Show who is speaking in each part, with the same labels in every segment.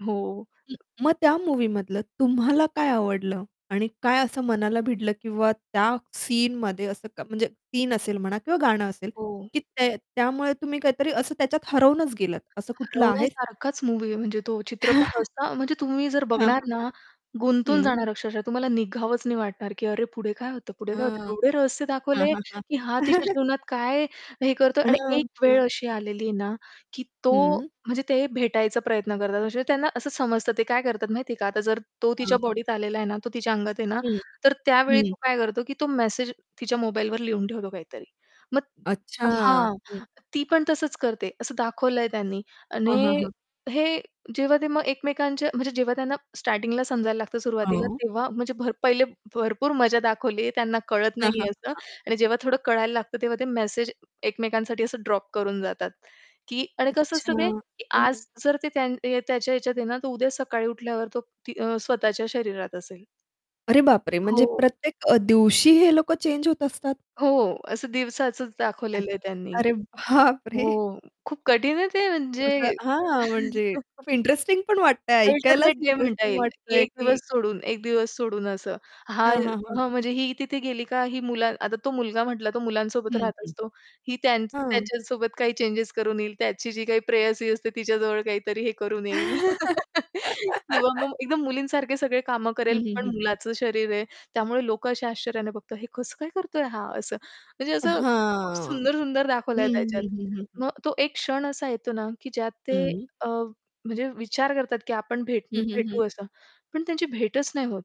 Speaker 1: हो.
Speaker 2: मग त्या मूव्हीमधलं तुम्हाला काय आवडलं आणि काय असं मनाला भिडलं किंवा त्या सीनमध्ये असं क म्हणजे सीन असेल म्हणा किंवा गाणं असेल,
Speaker 1: हो.
Speaker 2: की ते त्यामुळे तुम्ही काहीतरी असं त्याच्यात हरवूनच गेलात. असं कुठलं आहे?
Speaker 1: रवण्यासारखाच मूव्ही आहे म्हणजे तो चित्रपट असता म्हणजे तुम्ही जर
Speaker 2: हां, हां,
Speaker 1: बघणार ना
Speaker 2: हां.
Speaker 1: गुंतून
Speaker 2: हं.
Speaker 1: जाणार अक्षरशः तुम्हाला निघावंच नाही वाटणार, की अरे पुढे काय होतं, पुढे काय होतं.
Speaker 2: अच्छा.
Speaker 1: एवढे रहस्य
Speaker 2: हां,
Speaker 1: दाखवले
Speaker 2: हां, हां.
Speaker 1: की हा तिच्या जीवनात काय हे करतोय आणि
Speaker 2: हां. हां.
Speaker 1: एकवेळ अशी आलेली आहे ना, की तो
Speaker 2: हं.
Speaker 1: म्हणजे ते भेटायचा प्रयत्न करतात. असे त्यांना असं समजतं ते काय करतात माहितीये का, आता जर तो
Speaker 2: हां,
Speaker 1: तिच्या
Speaker 2: हां.
Speaker 1: बॉडीत आलेला आहे ना, तो तिच्या अंगात आहे ना,
Speaker 2: हं.
Speaker 1: तर त्यावेळी
Speaker 2: हं.
Speaker 1: तो काय करतो, की तो मेसेज तिच्या मोबाईलवर लिहून ठेवतो काहीतरी. मग
Speaker 2: अच्छा.
Speaker 1: हां.
Speaker 2: हं.
Speaker 1: ती पण तसंच करते असं दाखवलंय त्यांनी
Speaker 2: हां, हां,
Speaker 1: आणि
Speaker 2: हां.
Speaker 1: हे जेव्हा ते मग एकमेकांच्या म्हणजे जेव्हा त्यांना स्टार्टिंगला समजायला लागतं सुरुवातीला
Speaker 2: हो.
Speaker 1: तेव्हा म्हणजे भर पहिले भरपूर मजा दाखवली त्यांना कळत
Speaker 2: हां, हां,
Speaker 1: नाहीये असं
Speaker 2: हां.
Speaker 1: आणि जेव्हा थोडं कळायला लागतं तेव्हा ते मेसेज एकमेकांसाठी असं ड्रॉप करून जातात, की आणि कसं
Speaker 2: अच्छा.
Speaker 1: असतं ते की
Speaker 2: हं, हं.
Speaker 1: आज जर ते त्यां अ, त्याच्या ह्याच्यात आहे ना तर उद्या सकाळी उठल्यावर तो ती अ, स्वतःच्या शरीरात असेल.
Speaker 2: अरे बापरे! म्हणजे
Speaker 1: हो.
Speaker 2: प्रत्येक अ, दिवशी हे लोकं चेंज होत असतात.
Speaker 1: हो, असं दिवसाच दाखवलेलं आहे त्यांनी.
Speaker 2: अरे
Speaker 1: हो,
Speaker 2: बापरे!
Speaker 1: खूप कठीण आहे ते
Speaker 2: खूप
Speaker 1: म्हणजे
Speaker 2: असं हां, म्हणजे खूप इंटरेस्टिंग पण वाटतंय ऐकायलाच
Speaker 1: अल्टरनेट डे म्हणता
Speaker 2: इंटरेस्टिंग
Speaker 1: येईल की
Speaker 2: वाटतंय
Speaker 1: एक दिवस
Speaker 2: की
Speaker 1: सोडून एक दिवस सोडून असं. हा
Speaker 2: हां, हां, हां.
Speaker 1: हां, म्हणजे ही तिथे गेली का ही मुला आता तो मुलगा म्हटला तो मुलांसोबत
Speaker 2: हं,
Speaker 1: राहत
Speaker 2: हं.
Speaker 1: असतो. ही त्यां
Speaker 2: हां.
Speaker 1: त्याच्यासोबत काही चेन्जेस करून येईल, त्याची जी काही प्रेयसी असते तिच्याजवळ काहीतरी हे करून येईल. किंवा मग एकदम मुलीसारखे सगळे कामं
Speaker 2: हं,
Speaker 1: करेल
Speaker 2: हं,
Speaker 1: पण
Speaker 2: हं, हं.
Speaker 1: मुलाचं शरीर आहे त्यामुळे लोकं अशा आश्चर्याने बघतात, हे कसं काय करतोय हा असं. म्हणजे असं खूप
Speaker 2: हां,
Speaker 1: सुंदर-सुंदर
Speaker 2: हं,
Speaker 1: दाखवलंय त्याच्यात.
Speaker 2: हं, हं, हं, हं.
Speaker 1: मग तो एक क्षण असा येतो ना, की ज्यात ते
Speaker 2: हं.
Speaker 1: अ, म्हणजे विचार करतात की आपण भेट
Speaker 2: हं, हं, हं.
Speaker 1: भेटू असं. पण त्यांची भेटच नाही होत.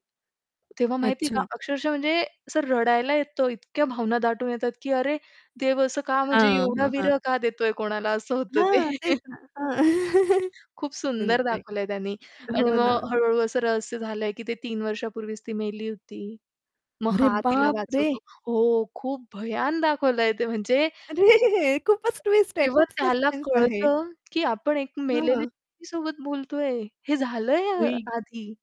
Speaker 1: तेव्हा माहिती आहे का
Speaker 2: अच्छा.
Speaker 1: अक्षरशः म्हणजे असं रडायला येतो इतक्या भावना दाटून येतात, की अरे देव असं का म्हणजे
Speaker 2: हां,
Speaker 1: एवढा
Speaker 2: हां, हां.
Speaker 1: विरह का देतोय कोणाला असं होतं ते.
Speaker 2: हां, तेच ना. हां,
Speaker 1: खूप
Speaker 2: न
Speaker 1: सुंदर
Speaker 2: नाही.
Speaker 1: दाखवलंय त्यानी आणि
Speaker 2: हो
Speaker 1: मग
Speaker 2: ना.
Speaker 1: हळू-हळू असं रहस्य झालंय की ते 3 वर्षापूर्वीच ती मेली होती. मग
Speaker 2: अरे
Speaker 1: हा तिला
Speaker 2: बापरे!
Speaker 1: वाचवतो हो, खूप भयान दाखवलंय ते म्हणजे
Speaker 2: अरे! खूपच ट्विस्ट आहे,
Speaker 1: जेव्हा
Speaker 2: खूप
Speaker 1: त्याला
Speaker 2: सस्पेन्स आहे.
Speaker 1: कळतं, की आपण एक मेलेल्या
Speaker 2: हां.
Speaker 1: व्यक्तीसोबत बोलतोय हे झालंय आ
Speaker 2: [unintelligible]
Speaker 1: आधी.